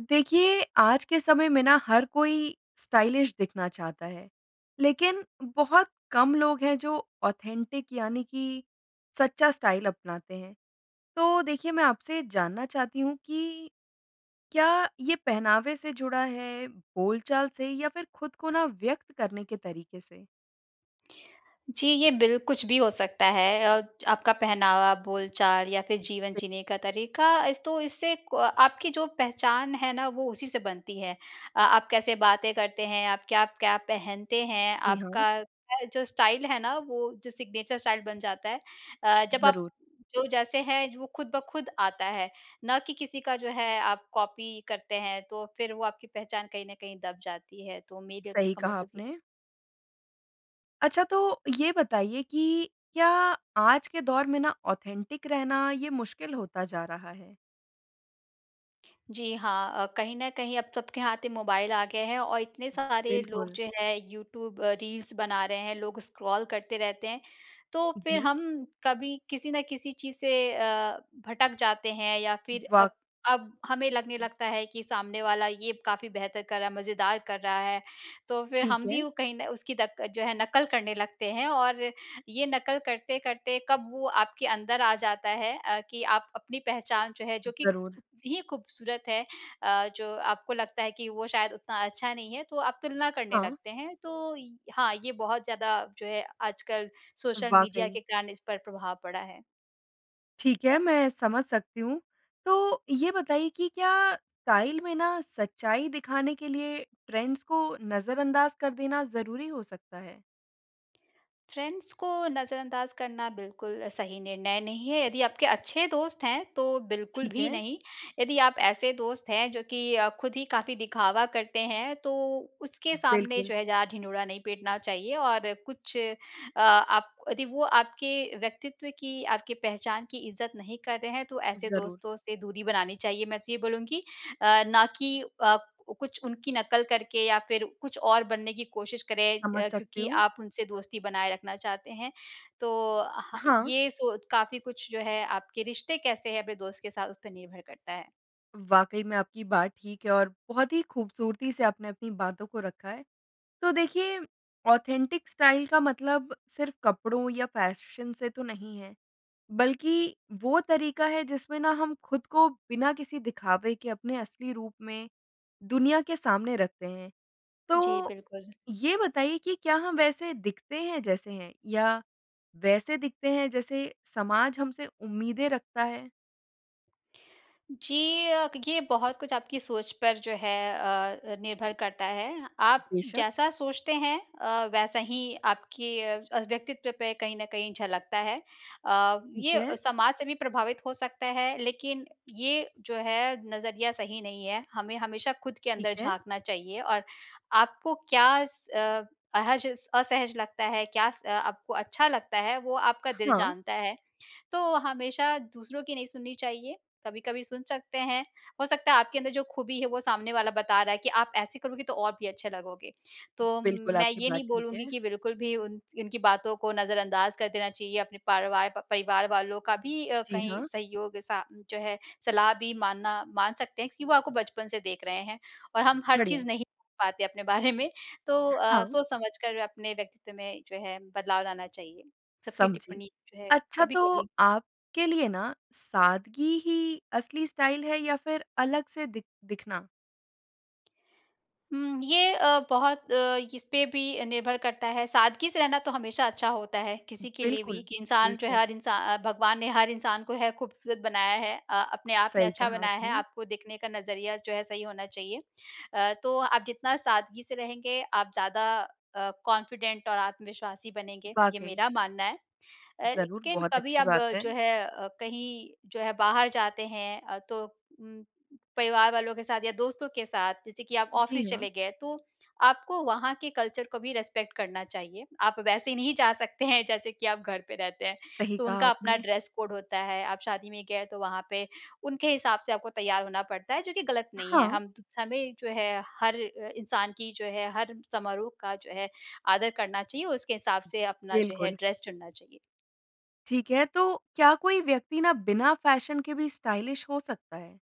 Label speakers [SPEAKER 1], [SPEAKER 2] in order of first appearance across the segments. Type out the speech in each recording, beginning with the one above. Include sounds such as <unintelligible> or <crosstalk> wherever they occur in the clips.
[SPEAKER 1] देखिए, आज के समय में ना हर कोई स्टाइलिश दिखना चाहता है, लेकिन बहुत कम लोग हैं जो ऑथेंटिक यानी कि सच्चा स्टाइल अपनाते हैं। तो देखिए, मैं आपसे ये जानना चाहती हूँ कि क्या ये पहनावे से जुड़ा है, बोलचाल से या फिर खुद को ना, व्यक़्त करने के तरीके से?
[SPEAKER 2] जी। ये बिल कुछ भी हो सकता है अ, आपका पहनावा, बोलचाल या फिर जीवन
[SPEAKER 1] <unintelligible>
[SPEAKER 2] जीने का तरीका। अस तो इससे क आपकी जो पहचान है ना वो उसी से बनती है। अ, आप कैसे बातें करते हैं, आप क्या-क्या पहनते हैं,
[SPEAKER 1] जी, हाँ।
[SPEAKER 2] आपका क्या जो स्टाइल है ना वो जो सिग्नेचर स्टाइल बन जाता है। अ, जब आप
[SPEAKER 1] ज़रूर।
[SPEAKER 2] जो जैसे हैं वो खुद ब खुद आता है, ना कि किसी का जो है आप कॉपी करते हैं, तो फिर वो आपकी पहचान कहीं न कहीं दब जाती है। तो मैं कहती हूँ
[SPEAKER 1] सही
[SPEAKER 2] इसका
[SPEAKER 1] कहा
[SPEAKER 2] मतलब कि
[SPEAKER 1] आपने। अच्छा, तो ये बताइए कि क्या आज के दौर में ना ऑथेंटिक रहना, ये मुश्किल होता जा रहा है?
[SPEAKER 2] जी, हाँ। अ, कहीं न कहीं अब सबके हाथ मोबाइल आ गए हैं और इतने सारे लोग
[SPEAKER 1] बिल्कुल।
[SPEAKER 2] जो हैं यूट्यूब अ, रील्स बना रहे हैं, लोग स्क्रॉल करते रहते हैं। तो फिर
[SPEAKER 1] जी।
[SPEAKER 2] हम कभी किसी न किसी चीज़ से अ, भटक जाते हैं, या फिर
[SPEAKER 1] वाक़
[SPEAKER 2] अब अब हमें लगने लगता है कि सामने वाला ये काफ़ी बेहतर कर रहा है, मज़ेदार कर रहा है, तो फिर हम
[SPEAKER 1] ठीक
[SPEAKER 2] भी
[SPEAKER 1] है।
[SPEAKER 2] उ कहीं न उसकी दक जो है नकल करने लगते हैं। और ये नकल करते-करते कब वो आपके अंदर आ जाता है अ, कि आप अपनी पहचान जो है जो कि
[SPEAKER 1] ज़रूर।
[SPEAKER 2] कितनी ही खूबसूरत है अ, जो आपको लगता है कि वो शायद उतना अच्छा नहीं है, तो आप तुलना करने
[SPEAKER 1] हाँ।
[SPEAKER 2] लगते हैं। तो इ हाँ, ये बहुत ज़्यादा जो है आजकल सोशल मीडिया
[SPEAKER 1] वाक़ई।
[SPEAKER 2] के कारण इस पर प्रभाव पड़ा है।
[SPEAKER 1] ठीक है, मैं समझ सकती हूँ। तो ये बताइए कि क्या स्टाइल में ना सच्चाई दिखाने के लिए ट्रेंड्स को नज़रअंदाज़ कर देना ज़रूरी हो सकता है?
[SPEAKER 2] फ़्रेंड्स को नज़रअंदाज़ करना बिल्कुल अ, सही निर्णय नहीं है, यदि आपके अच्छे दोस्त हैं, तो बिल्कुल
[SPEAKER 1] ठीक
[SPEAKER 2] भी
[SPEAKER 1] है।
[SPEAKER 2] नहीं। यदि आप ऐसे दोस्त हैं जो कि अ, खुद ही काफ़ी दिखावा करते हैं, तो उसके सामने
[SPEAKER 1] बिल्कुल।
[SPEAKER 2] जो है ज़्यादा ढिंढोरा नहीं पीटना चाहिए। और कुछ अ, आप यदि वो आपके व्यक्तित्व की, आपकी पहचान की इज़्ज़त नहीं कर रहे हैं, तो ऐसे
[SPEAKER 1] ज़रूर।
[SPEAKER 2] दोस्तों से दूरी बनानी चाहिए, मैं तो ये बोलूँगी अ, ना कि अ, कुछ उनकी नकल करके या फिर कुछ और बनने की कोशिश करें
[SPEAKER 1] समझ
[SPEAKER 2] अ,
[SPEAKER 1] सकती
[SPEAKER 2] क्योंकि
[SPEAKER 1] हूँ।
[SPEAKER 2] आप उनसे दोस्ती बनाए रखना चाहते हैं। तो ह
[SPEAKER 1] हाँ।
[SPEAKER 2] ये सोच काफ़ी कुछ जो है आपके रिश्ते कैसे हैं अपने दोस्त के साथ, उसपे निर्भर करता है।
[SPEAKER 1] वाक़ई में, आपकी बात ठीक है और बहुत ही खूबसूरती से आपने अपनी बातों को रखा है। तो देखिए, ऑथेंटिक स्टाइल का मतलब सिर्फ़ कपड़ों या फ़ैशन से तो नहीं है, बल्कि वो तरीका है जिसमें ना हम खुद को बिना किसी दिखावे के अपने असली रूप में दुनिया के सामने रखते हैं।
[SPEAKER 2] जी,
[SPEAKER 1] तो,
[SPEAKER 2] बिल्कुल।
[SPEAKER 1] ये बताइए कि क्या हम वैसे दिखते हैं जैसे हैं, या वैसे दिखते हैं जैसे समाज हमसे उम्मीदें रखता है?
[SPEAKER 2] जी। अ, ये बहुत कुछ आपकी सोच पर जो है अ अ, निर्भर करता है, आप
[SPEAKER 1] बेशक।
[SPEAKER 2] जैसा सोचते हैं अ, वैसा ही आपके अ, व्यक्तित्व पे कहीं न कहीं झलक्ता है। अ,
[SPEAKER 1] ठीक
[SPEAKER 2] ये
[SPEAKER 1] है।
[SPEAKER 2] समाज से भी प्रभावित हो सकता है, लेकिन, ये जो है नज़रिया सही नहीं है। हमें हमेशा खुद के
[SPEAKER 1] ठीक
[SPEAKER 2] अंदर
[SPEAKER 1] है।
[SPEAKER 2] झाँकना चाहिए और आपको क्या स अहज असहज लगता है, क्या स आपको अच्छा लगता है वो आपका दिल
[SPEAKER 1] हाँ।
[SPEAKER 2] जानता है। तो हमेशा दूसरों की नहीं सुननी चाहिए। कभी-कभी सुन सकते हैं। हो सकता है आपके अंदर जो ख़ूबी है वो सामने वाला बता रहा है कि, आप ऐसे करोगे तो और भी अच्छे लगोगे। तो
[SPEAKER 1] बिल्कुल,
[SPEAKER 2] मैं
[SPEAKER 1] आपकी
[SPEAKER 2] ये
[SPEAKER 1] बात
[SPEAKER 2] नहीं
[SPEAKER 1] ठीक
[SPEAKER 2] बोलूँगी
[SPEAKER 1] है।
[SPEAKER 2] कि बिल्कुल भी उन उनकी बातों को नज़रअंदाज कर देना चाहिए। अपने पारवार परिवार वालों का भी
[SPEAKER 1] जी,
[SPEAKER 2] कहीं
[SPEAKER 1] हाँ।
[SPEAKER 2] सहयोग सा जो है, सलाह भी मानना मान सकते हैं क्योंकि वो आपको बचपन से देख रहे हैं, और हम हर चीज़
[SPEAKER 1] बढ़िया।
[SPEAKER 2] नहीं <unintelligible> पाते अपने बारे में। तो अ,
[SPEAKER 1] हाँ।
[SPEAKER 2] सोच समझकर अपने व्यक्तित्व में जो है, बदलाव लाना चाहिए। सबकी
[SPEAKER 1] समझी,
[SPEAKER 2] टिप्पणी जो है,
[SPEAKER 1] अच्छा तो
[SPEAKER 2] कभी-कभी।
[SPEAKER 1] आपके लिए ना, सादगी ही असली स्टाइल है या फ़िर अलग से दिख दिखना?
[SPEAKER 2] हुँ। ये अ, बहुत अ, इस पे भी निर्भर करता है सादगी से रहना तो हमेशा अच्छा होता है किसी के लिए भी
[SPEAKER 1] बिल्कुल,
[SPEAKER 2] कि इंसान जो है
[SPEAKER 1] बिल्कुल।
[SPEAKER 2] हर इंसान अ भगवान ने हर इंसान को है खूबसूरत बनाया है। अ, अपने आप में
[SPEAKER 1] सही
[SPEAKER 2] अच्छा
[SPEAKER 1] कहा
[SPEAKER 2] बनाया है,
[SPEAKER 1] आपने।
[SPEAKER 2] आपको देखने का नज़रिया जो है सही होना चाहिए। अ, तो आप जितना सादगी से रहेंगे आप ज़्यादा अ, कॉन्फिडेंट और आत्मविश्वासी बनेंगे, ये
[SPEAKER 1] वाक़ई।
[SPEAKER 2] मेरा मानना है। अ,
[SPEAKER 1] ज़रूर,
[SPEAKER 2] लेकिन
[SPEAKER 1] बहुत
[SPEAKER 2] कभी
[SPEAKER 1] अच्छी
[SPEAKER 2] अब
[SPEAKER 1] बात है।
[SPEAKER 2] जो है अ, कहीं जो है बाहर जाते हैं अ, तो उम परिवार वालों के साथ या दोस्तों के साथ जैसे कि आप
[SPEAKER 1] जी,
[SPEAKER 2] ऑफिस
[SPEAKER 1] हाँ।
[SPEAKER 2] चले गए तो आपको वहाँ के कल्चर को भी रिस्पेक्ट करना चाहिए। आप वैसे नहीं जा सकते हैं जैसे कि आप घर पे रहते हैं।
[SPEAKER 1] सही
[SPEAKER 2] तो
[SPEAKER 1] कहा
[SPEAKER 2] उनका अपना
[SPEAKER 1] आपने।
[SPEAKER 2] ड्रेस कोड होता है आप शादी में गए तो वहाँ पे उनके हिसाब से आपको तैयार होना पड़ता है जो कि गलत नहीं है।
[SPEAKER 1] हाँ।
[SPEAKER 2] हम हमें जो है हर अ, इंसान की जो है, हर समारोह का जो है आदर करना चाहिए उसके हिसाब से अपना जो है
[SPEAKER 1] बिल्कुल।
[SPEAKER 2] ड्रेस चुनना चाहिए।
[SPEAKER 1] ठीक है तो क्या कोई व्यक्ति ना बिना फ़ैशन के भी स्टाइलिश हो सकता है?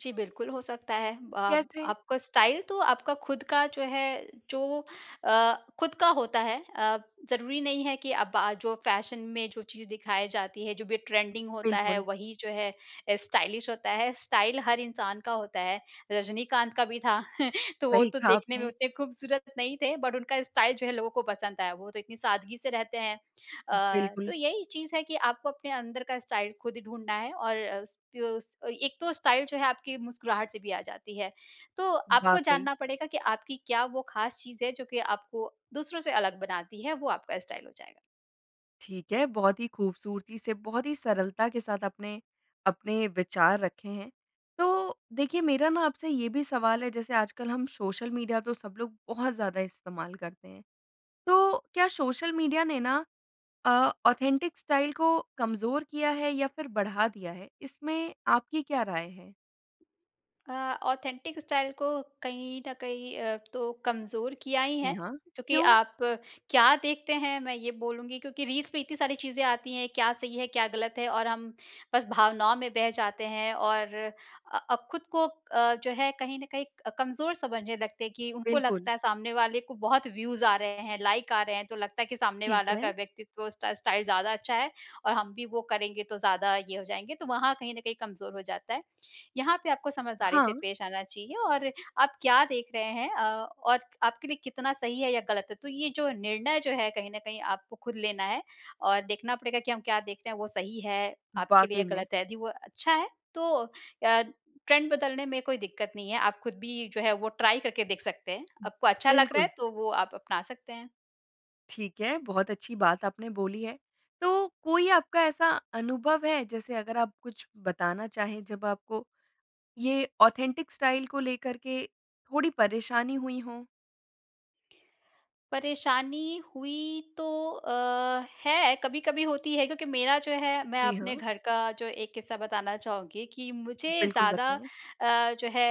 [SPEAKER 2] जी, बिल्कुल हो सकता है। अब
[SPEAKER 1] कैसे?
[SPEAKER 2] आपका स्टाइल तो आपका खुद का जो है, जो अ, खुद का होता है। अ, ज़रूरी नहीं है कि अब आज जो फ़ैशन में जो चीज़ दिखाई जाती है जो भी ट्रेंडिंग होता है
[SPEAKER 1] बिल्कुल।
[SPEAKER 2] वही जो है अ, स्टाइलिश होता है। स्टाइल हर इंसान का होता है। रजनीकांत का भी था <chuckles> तो वो
[SPEAKER 1] सही
[SPEAKER 2] तो
[SPEAKER 1] कहा
[SPEAKER 2] देखने में
[SPEAKER 1] आपने।
[SPEAKER 2] उतने खूबसूरत नहीं थे बट उनका स्टाइल जो है लोगों को पसंद आया वो तो इतनी सादगी से रहते हैं। अ, तो
[SPEAKER 1] बिल्कुल।
[SPEAKER 2] यही चीज़ है कि आपको अपने अंदर का स्टाइल खुद ही ढूँढना है और स एक तो स्टाइल जो है आपकी मुस्कुराहट से भी आ जाती है। तो आपको
[SPEAKER 1] वाक़ई।
[SPEAKER 2] जानना पड़ेगा कि आपकी क्या वो ख़ास चीज़ है जो कि आपको दूसरों से अलग बनाती है वो आपका स्टाइल हो जाएगा।
[SPEAKER 1] ठीक है। बहुत ही ख़ूबसूरती से बहुत ही सरलता के साथ आपने अपने विचार रखें हैं। तो देखिए मेरा ना आपसे ये भी सवाल है। जैसे आजकल हम सोशल मीडिया तो सब लोग बहुत ज़्यादा इस्तेमाल करते हैं। तो क्या सोशल मीडिया ने ना अ, ऑथेंटिक स्टाइल को कमज़ोर किया है या फ़िर बढ़ा दिया है? इसमें आपकी क्या राय हैं?
[SPEAKER 2] अ, ऑथेंटिक स्टाइल को कहीं न कहीं अ, तो कमज़ोर किया ही
[SPEAKER 1] जी,
[SPEAKER 2] हैं।
[SPEAKER 1] हाँ।
[SPEAKER 2] क्योंकि
[SPEAKER 1] क्यों?
[SPEAKER 2] आप क्या देखते हैं? मैं ये बोलूँगी क्योंकि रील्स में इतनी सारी चीज़ें आती हैं। क्या सही है, क्या गलत है? और हम बस भावनाओं में बह जाते हैं और अ, अब खुद को अ, जो है कहीं न कहीं क कमज़ोर समझने लगते हैं। कि उनको
[SPEAKER 1] बिल्कुल।
[SPEAKER 2] लगता है सामने वाले को बहुत व्यूज़ आ रहे हैं, लाइक आ रहे हैं। तो लगता है कि सामने
[SPEAKER 1] ठीक
[SPEAKER 2] वाला का
[SPEAKER 1] है।
[SPEAKER 2] व्यक्तित्व उस स्टा स्टाइल ज़्यादा अच्छा है, और हम भी वो करेंगे तो ज़्यादा ये हो जाएँगे। तो वहाँ कहीं न कहीं कमज़ोर हो जाता है। यहाँ पे आपको समझदारी से
[SPEAKER 1] हाँ।
[SPEAKER 2] पेश आना चाहिए, और आप क्या देख रहे हैं अ, और आपके लिए कितना सही है या ग़लत है। तो ये जो निर्णय जो है कहीं न कहीं आपको खुद लेना है और देखना पड़ेगा कि हम क्या देखते हैं? वो सही है आपके लिए
[SPEAKER 1] वाकई में।
[SPEAKER 2] ग़लत है। यदि वो अच्छा है तो अ, ट्रेंड बदलने में कोई दिक्कत नहीं है। आप खुद भी जो है वो ट्राय करके देख सकते हैं।
[SPEAKER 1] उ
[SPEAKER 2] आपको अच्छा लग रहा है
[SPEAKER 1] बिल्कुल।
[SPEAKER 2] तो वो आप अपना सकते हैं।
[SPEAKER 1] ठीक है। बहुत अच्छी बात आपने बोली है। तो कोई आपका ऐसा अनुभव है? जैसे अगर आप कुछ बताना चाहे। जब आपको ये ऑथेंटिक स्टाइल को लेकर के थोड़ी परेशानी हुईं हों?
[SPEAKER 2] परेशानी हुई तो अ, है, कभी-कभी होती है। क्योंकि मेरा जो है, मैं
[SPEAKER 1] जी,
[SPEAKER 2] अपने
[SPEAKER 1] हाँ।
[SPEAKER 2] घर का जो एक किस्सा बताना चाहूँगी कि मुझे
[SPEAKER 1] बिल्कुल,
[SPEAKER 2] ज़्यादा
[SPEAKER 1] बताएँ।
[SPEAKER 2] अ, जो है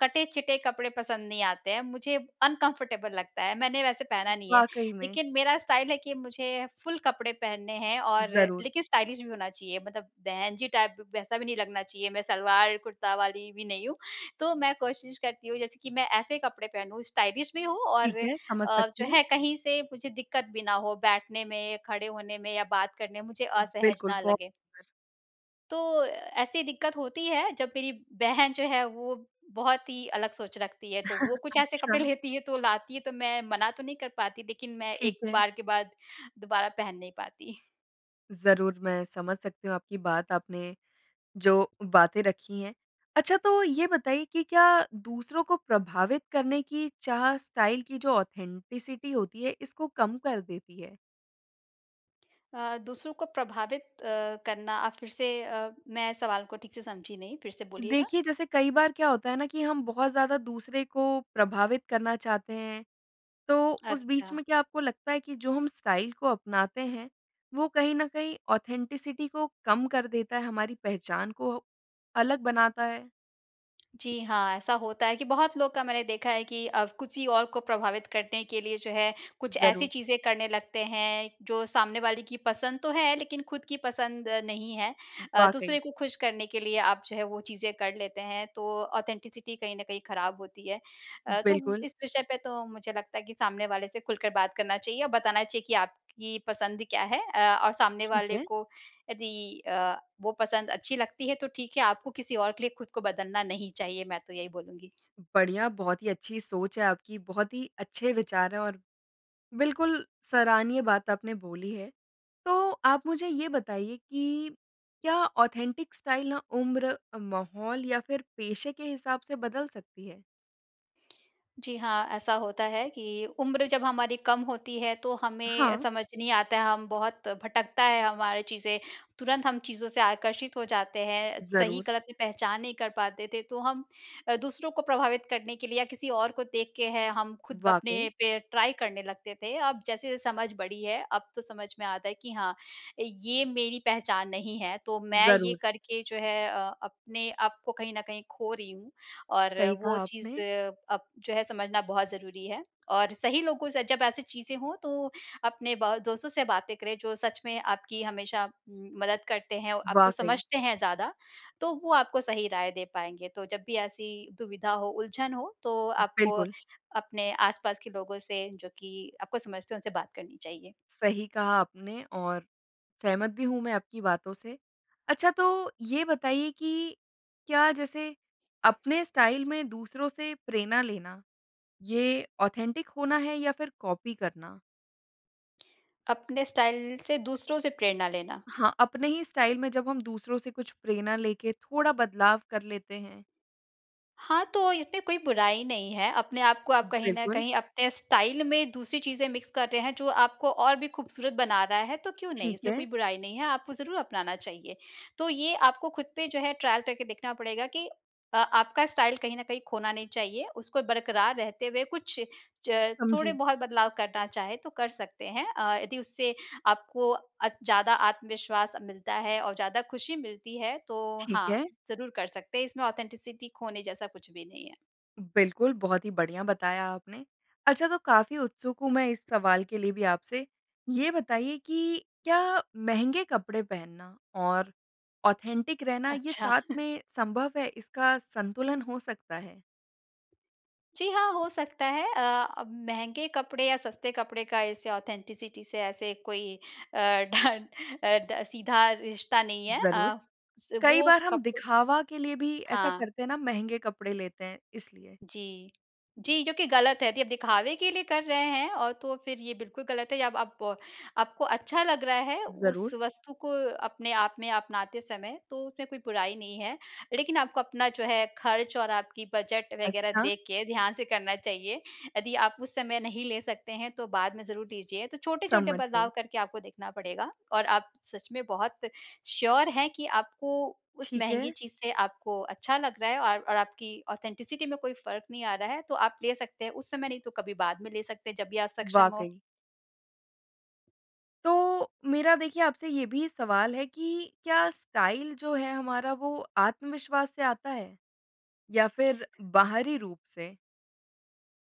[SPEAKER 2] कटे-चिटे कपड़े पसंद नहीं आते हैं। मुझे अनकम्फ़र्टेबल लगता है। मैंने वैसे पहना नहीं है,
[SPEAKER 1] वाक़ई में।
[SPEAKER 2] लेकिन मेरा स्टाइल है कि मुझे फ़ुल कपड़े पहनने हैं और
[SPEAKER 1] ज़रूर।
[SPEAKER 2] लेकिन स्टाइलिश भी होना चाहिए। मतलब बहन जी टाइप वैसा भी नहीं लगना चाहिए। मैं सलवार, कुर्ता वाली भी नहीं हूँ। तो मैं कोशिश करती हूँ। जैसे कि मैं ऐसे कपड़े पहनूँ, स्टाइलिश भी हो और
[SPEAKER 1] ठीक
[SPEAKER 2] अ,
[SPEAKER 1] है। समझ सकती
[SPEAKER 2] जो
[SPEAKER 1] हूँ।
[SPEAKER 2] है कहीं से मुझे दिक्कत भी ना हो बैठने में, खड़े होने में या बात करने में। मुझे असहज
[SPEAKER 1] बिल्कुल।
[SPEAKER 2] ना
[SPEAKER 1] ब
[SPEAKER 2] लगे।
[SPEAKER 1] <unintelligible>
[SPEAKER 2] तो ऐसी दिक्कत होती है। जब मेरी बहन जो है। वो बहुत ही अलग सोच रखती है तो, वो
[SPEAKER 1] <chuckles>
[SPEAKER 2] कुछ ऐसे कपड़े
[SPEAKER 1] अच्छा।
[SPEAKER 2] लेती है। तो लाती है तो मैं मना तो नहीं कर पाती। लेकिन मैं
[SPEAKER 1] ठीक
[SPEAKER 2] एक
[SPEAKER 1] है।
[SPEAKER 2] बार के बाद दुबारा पहन नहीं पाती।
[SPEAKER 1] ज़रूर मैं समझ सकती हूँ, आपकी बात आपने जो बातें रखी हैं। अच्छा तो ये बताइए कि क्या दूसरों को प्रभावित करने की चाह स्टाइल की जो ऑथेंटिसिटी होती है इसको कम कर देती है?
[SPEAKER 2] अ, दूसरों को प्रभावित अ, करना आप फ़िर से अ मैं सवाल को ठीक से समझी नहीं, फ़िर से बोलिएगा।
[SPEAKER 1] देखिए जैसे कई बार क्या होता है ना, कि हम बहुत ज़्यादा दूसरे को प्रभावित करना चाहते हैं। तो उस बीच
[SPEAKER 2] अच्छा।
[SPEAKER 1] में क्या आपको लगता है कि जो हम स्टाइल को अपनाते हैं वो कहीं न कहीं ऑथेंटिसिटी को कम कर देता है हमारी पहचान को अलग बनाता है?
[SPEAKER 2] जी, हाँ। ऐसा होता है कि बहुत लोग का मैंने देखा है कि अब कुछ ही और को प्रभावित करने के लिए जो है कुछ ऐसी
[SPEAKER 1] ज़रूर।
[SPEAKER 2] चीज़ें करने लगते हैं जो सामने वाली की पसंद तो है लेकिन खुद की पसंद नहीं है। अ, दूसरे
[SPEAKER 1] वाक़ई।
[SPEAKER 2] को खुश करने के लिए आप जो है वो चीज़ें कर लेते हैं तो ऑथेंटिसिटी कहीं न कहीं ख़राब होती है। अ, तो
[SPEAKER 1] बिल्कुल।
[SPEAKER 2] इस विषय पे तो मुझे लगता है कि सामने वाले से खुलकर बात करना चाहिए और बताना चाहिए कि आपकी पसंद क्या है, अ, और सामने
[SPEAKER 1] ठीक
[SPEAKER 2] वाले
[SPEAKER 1] है।
[SPEAKER 2] को यदि अ, वो पसंद अच्छी लगती है तो ठीक है आपको किसी और के लिए खुद को बदलना नहीं चाहिए। मैं तो यही बोलूँगी।
[SPEAKER 1] बढ़िया बहुत ही अच्छी सोच है आपकी बहुत ही अच्छे विचार हैं। और बिल्कुल सराहनीय बात अपने बोली है। तो आप मुझे ये बताइए कि क्या ऑथेंटिक स्टाइल ना उम्र अ, माहौल या फ़िर पेशे के हिसाब से बदल सकती है?
[SPEAKER 2] जी हाँ। ऐसा होता है कि उम्र जब हमारी कम होती है तो हमें
[SPEAKER 1] हाँ।
[SPEAKER 2] समझ नहीं आता है, हम बहुत भटकता है हमारी चीज़ें। तुरंत हम चीज़ों से आकर्षित हो जाते हैं,
[SPEAKER 1] ज़रूर।
[SPEAKER 2] सही-गलत में पहचान नहीं कर पाते थे तो हम अ, दूसरों को प्रभावित करने के लिए या किसी और को देख के हैं हम खुद अपने
[SPEAKER 1] वाक़ई।
[SPEAKER 2] पे ट्राई करने लगते थे। अब जैसे-जैसे समझ बड़ी है, अब तो समझ में आता है कि हाँ, ये मेरी पहचान नहीं है, तो मैं ये
[SPEAKER 1] ज़रूर।
[SPEAKER 2] करके जो है अ, अपने आपको कहीं न कहीं खो रही हूँ और
[SPEAKER 1] सही
[SPEAKER 2] वो
[SPEAKER 1] कहा
[SPEAKER 2] चीज़
[SPEAKER 1] आपने।
[SPEAKER 2] अब जो है समझना बहुत ज़रूरी है और सही लोगों से जब ऐसी चीज़ें हों तो अपने ब दोस्तों से बातें करें जो सच में आपकी हमेशा मदद करते हैं, आपको
[SPEAKER 1] वाक़ई।
[SPEAKER 2] समझते हैं ज़्यादा। तो वो आपको सही राय दे पाएँगे। तो जब भी ऐसी दुविधा हो, उलझन हो तो आपको
[SPEAKER 1] बिल्कुल।
[SPEAKER 2] अपने आस-पास के लोगों से जो कि आपको समझते हैं उनसे बात करनी चाहिए।
[SPEAKER 1] सही कहा आपने और सहमत भी हूँ मैं आपकी बातों से, अच्छा तो ये बताइए कि क्या जैसे अपने स्टाइल में दूसरों से प्रेरणा लेना ये ऑथेंटिक होना है या फिर कॉपी करना?
[SPEAKER 2] अपने स्टाइल से दूसरों से प्रेरणा लेना?
[SPEAKER 1] हाँ, अपने ही स्टाइल में जब हम दूसरों से कुछ प्रेरणा लेके थोड़ा बदलाव कर लेते हैं।
[SPEAKER 2] हाँ, तो इसमें कोई बुराई नहीं है, अपने आपको आप कहीं न
[SPEAKER 1] बिल्कुल।
[SPEAKER 2] कहीं अपने स्टाइल में दूसरी चीज़ें मिक्स कर रहे हैं जो आपको और भी खूबसूरत बना रहा है, तो क्यों नहीं,
[SPEAKER 1] ठीक
[SPEAKER 2] इसमें
[SPEAKER 1] है।
[SPEAKER 2] कोई बुराई नहीं है, आपको ज़रूर अपनाना चाहिए। तो ये आपको खुद पे जो है ट्रायल करके देखना पड़ेगा कि अ, आपका स्टाइल कहीं न कहीं खोना नहीं चाहिए, उसको बरकरार रहते हुए कुछ च थोड़े
[SPEAKER 1] समझी।
[SPEAKER 2] बहुत बदलाव करना चाहें तो कर सकते हैं। अ, यदि उससे आपको अ, ज़्यादा आत्मविश्वास मिलता है और ज़्यादा खुशी मिलती है, तो
[SPEAKER 1] ठीक
[SPEAKER 2] हाँ,
[SPEAKER 1] है।
[SPEAKER 2] ज़रूर कर सकते हैं, इसमें ऑथेंटिसिटी खोने जैसा कुछ भी नहीं है।
[SPEAKER 1] बिल्कुल, बहुत ही बढ़िया बताया आपने। अच्छा तो काफ़ी उत्सुक हूँ मैं इस सवाल के लिए भी आपसे ये बताइए कि क्या महँगे कपड़े पहनना और ऑथेंटिक रहना ये
[SPEAKER 2] अच्छा।
[SPEAKER 1] साथ
[SPEAKER 2] <chuckles>
[SPEAKER 1] में संभव है? इसका संतुलन हो सकता है?
[SPEAKER 2] जी हाँ, हो सकता है। अ, अब महँगे कपड़े या सस्ते कपड़े का इससे ऑथेंटिसिटी से ऐसे कोई अ, ढ अ, ड सीधा रिश्ता नहीं है।
[SPEAKER 1] ज़रूर।
[SPEAKER 2] अ, स
[SPEAKER 1] कई
[SPEAKER 2] वो
[SPEAKER 1] बार हम
[SPEAKER 2] कप
[SPEAKER 1] दिखावा के लिए भी ऐसा
[SPEAKER 2] हाँ।
[SPEAKER 1] करते हैं ना, महँगे कपड़े लेते हैं इसलिए।
[SPEAKER 2] जी। जी, जो कि गलत है, यदि दिखावे के लिए कर रहे हैं और तो फिर ये बिल्कुल गलत है या अब अप आपको अच्छा लग रहा है उस
[SPEAKER 1] ज़रूर।
[SPEAKER 2] वस्तु को अपने आप में अपनाते समय तो उसमें कोई बुराई नहीं है। लेकिन आपको अपना जो है खर्च और आपकी बजट वगैरह
[SPEAKER 1] अच्छा।
[SPEAKER 2] देख के ध्यान से करना चाहिए। यदि आप उस समय नहीं ले सकते हैं, तो बाद में ज़रूर लीजिए, तो छोटे-छोटे
[SPEAKER 1] समझ गई।
[SPEAKER 2] बदलाव करके आपको देखना पड़ेगा। और आप सच में बहुत श्योर हैं कि आपको उस
[SPEAKER 1] ठीक
[SPEAKER 2] महँगी
[SPEAKER 1] है।
[SPEAKER 2] चीज़ से आपको अच्छा लग रहा है और और आपकी ऑथेंटिसिटी में कोई फ़र्क़ नहीं आ रहा है, तो आप ले सकते हैं। उस समय नहीं तो कभी बाद में ले सकते, जब भी आप सक्षम हो।
[SPEAKER 1] वाक़ई। तो मेरा देखिए आपसे ये भी सवाल है कि क्या स्टाइल जो है हमारा वो आत्मविश्वास से आता है? या फिर बाहरी रूप से?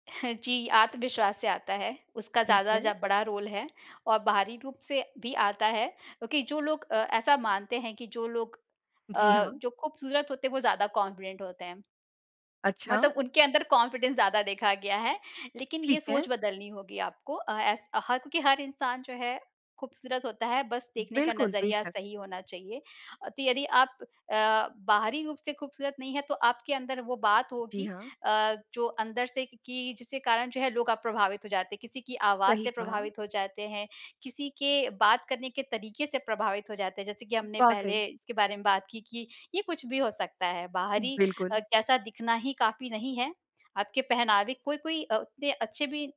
[SPEAKER 2] <chuckles> जी, आत्मविश्वास से आता है, उसका
[SPEAKER 1] ठीक
[SPEAKER 2] ज़्यादा
[SPEAKER 1] है।
[SPEAKER 2] जब बड़ा रोल है और बाहरी रूप से भी आता है, क्योंकि जो लोग अ, ऐसा मानते हैं कि जो लोग
[SPEAKER 1] जी
[SPEAKER 2] अ,
[SPEAKER 1] हाँ।
[SPEAKER 2] जो खूबसूरत होते हैं, वो ज़्यादा कॉन्फिडेंट होते हैं।
[SPEAKER 1] अच्छा।
[SPEAKER 2] मतलब उनके अंदर कॉन्फिडेंस ज़्यादा देखा गया है, लेकिन ये
[SPEAKER 1] ठीक है।
[SPEAKER 2] सोच बदलनी होगी आपको। अ, ऐस हक कि हर इंसान जो है खूबसूरत होता है, बस देखने का
[SPEAKER 1] बिल्कुल।
[SPEAKER 2] नज़रिया
[SPEAKER 1] बेशक।
[SPEAKER 2] सही होना चाहिए। तो यदि आप अ, बाहरी रूप से खूबसूरत नहीं है, तो आपके अंदर वो बात
[SPEAKER 1] जी
[SPEAKER 2] होगी
[SPEAKER 1] हाँ।
[SPEAKER 2] अ, जो अंदर से कि कि जिसके कारण जो है लोग अ, प्रभावित हो जाते हैं। किसी की आवाज़
[SPEAKER 1] सही
[SPEAKER 2] से
[SPEAKER 1] कहा।
[SPEAKER 2] प्रभावित हो जाते हैं, किसी के बात करने के तरीके से प्रभावित हो जाते हैं, जैसे कि हमने
[SPEAKER 1] वाक़ई।
[SPEAKER 2] पहले इसके बारे में बात की, कि ये कुछ भी हो सकता है बाहरी
[SPEAKER 1] बिल्कुल।
[SPEAKER 2] कैसा दिखना ही काफ़ी नहीं है। आपके पहनावे कोई-कोई अ, उतने अच्छे भी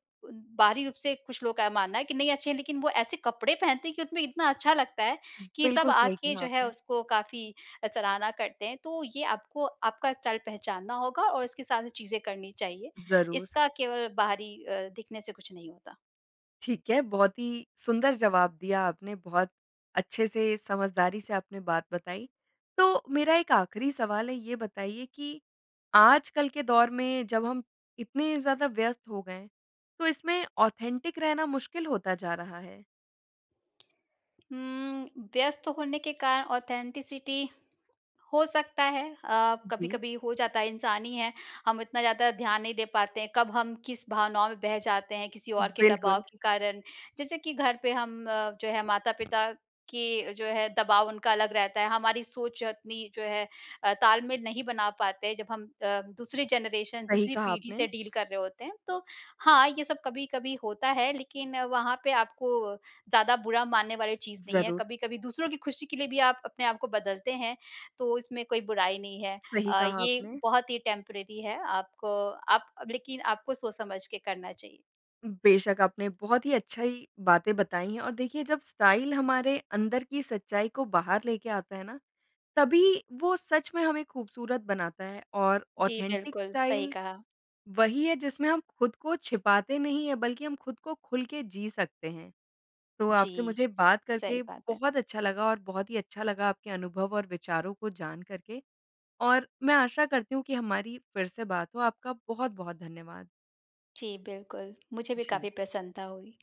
[SPEAKER 2] बाहरी रूप से कुछ लोग का ये मानना है कि नहीं, अच्छे हैं, लेकिन वो ऐसे कपड़े पहनते हैं कि उसमें इतना अच्छा लगता है कि सब
[SPEAKER 1] बिल्कुल सही
[SPEAKER 2] आके
[SPEAKER 1] कहा
[SPEAKER 2] जो है
[SPEAKER 1] आपने।
[SPEAKER 2] उसको काफ़ी अ, सराहना करते हैं। तो ये आपको आपका स्टाइल पहचानना होगा और इसके साथ-साथ चीज़ें करनी चाहिए।
[SPEAKER 1] ज़रूर।
[SPEAKER 2] इसका केवल बाहरी अ, दिखने से कुछ नहीं होता।
[SPEAKER 1] ठीक है, बहुत ही सुंदर जवाब दिया आपने, बहुत अच्छे से, समझदारी से, आपने बात बताई। तो मेरा एक आखिरी सवाल है, ये बताइए कि आजकल के दौर में जब हम इतने ज़्यादा व्यस्त हो गए हैं, तो इसमें ऑथेन्टिक रहना मुश्किल होता जा रहा है?
[SPEAKER 2] हुँ, व्यस्त होने के कारण ऑथेन्टिसिटी हो सकता है। अ,
[SPEAKER 1] जी।
[SPEAKER 2] कभी-कभी हो जाता है, इंसान हीं हैं, हम इतना ज़्यादा ध्यान नहीं दे पाते हैं, कब हम किस भावनाओं में बह जाते हैं, किसी और के दबाव
[SPEAKER 1] बिल्कुल।
[SPEAKER 2] के कारण। जैसे कि घर पे हम अ, जो है माता-पिता के जो है दबाव उनका अलग रहता है, हमारी सोच अपनी जो है अ, ताल-मेल में नहीं बना पाते, जब हम अ, दूसरी जनरेशन अ,
[SPEAKER 1] सही
[SPEAKER 2] दूसरी
[SPEAKER 1] कहा
[SPEAKER 2] पीढ़ी से
[SPEAKER 1] आपने।
[SPEAKER 2] डील कर रहे होते हैं। तो हाँ, ये सब कभी-कभी होता है, लेकिन वहाँ पे आपको ज़्यादा बुरा मानने वाली चीज़ नहीं है।
[SPEAKER 1] ज़रूर।
[SPEAKER 2] कभी-कभी दूसरों की खुशी के लिए भी आप अपने आप को बदलते हैं, तो इसमें कोई बुराई नहीं है।
[SPEAKER 1] सही
[SPEAKER 2] अ,
[SPEAKER 1] कहा
[SPEAKER 2] ये
[SPEAKER 1] आपने।
[SPEAKER 2] बहुत ही टेम्परेरी है। आपको आप अब लेकिन आपको सोच समझ के करना चाहिए।
[SPEAKER 1] बेशक, आपने बहुत ही अच्छाई बातें बताई हैं और देखिए, जब स्टाइल हमारे अंदर की सच्चाई को बाहर लेके आता है ना, तभी वो सच में हमें ख़ूबसूरत बनाता है और
[SPEAKER 2] जी,
[SPEAKER 1] ऑथेन्टिक
[SPEAKER 2] बिल्कुल। सही
[SPEAKER 1] स्टाइल
[SPEAKER 2] कहा।
[SPEAKER 1] वही है, जिसमें हम खुद को छिपाते नहीं हैं, बल्कि हम खुद को खुल के जी सकते हैं। तो आपसे
[SPEAKER 2] जी।
[SPEAKER 1] मुझे बात
[SPEAKER 2] सही
[SPEAKER 1] करके
[SPEAKER 2] बात है।
[SPEAKER 1] बहुत अच्छा लगा और बहुत ही अच्छा लगा आपके अनुभव और विचारों को जानकर के और मैं आशा करती हूँ कि हमारी फिर से बात हो। आपका बहुत-बहुत धन्यवाद।
[SPEAKER 2] जी, बिल्कुल। मुझे भी
[SPEAKER 1] जी।
[SPEAKER 2] काफ़ी प्रसन्नता हुई।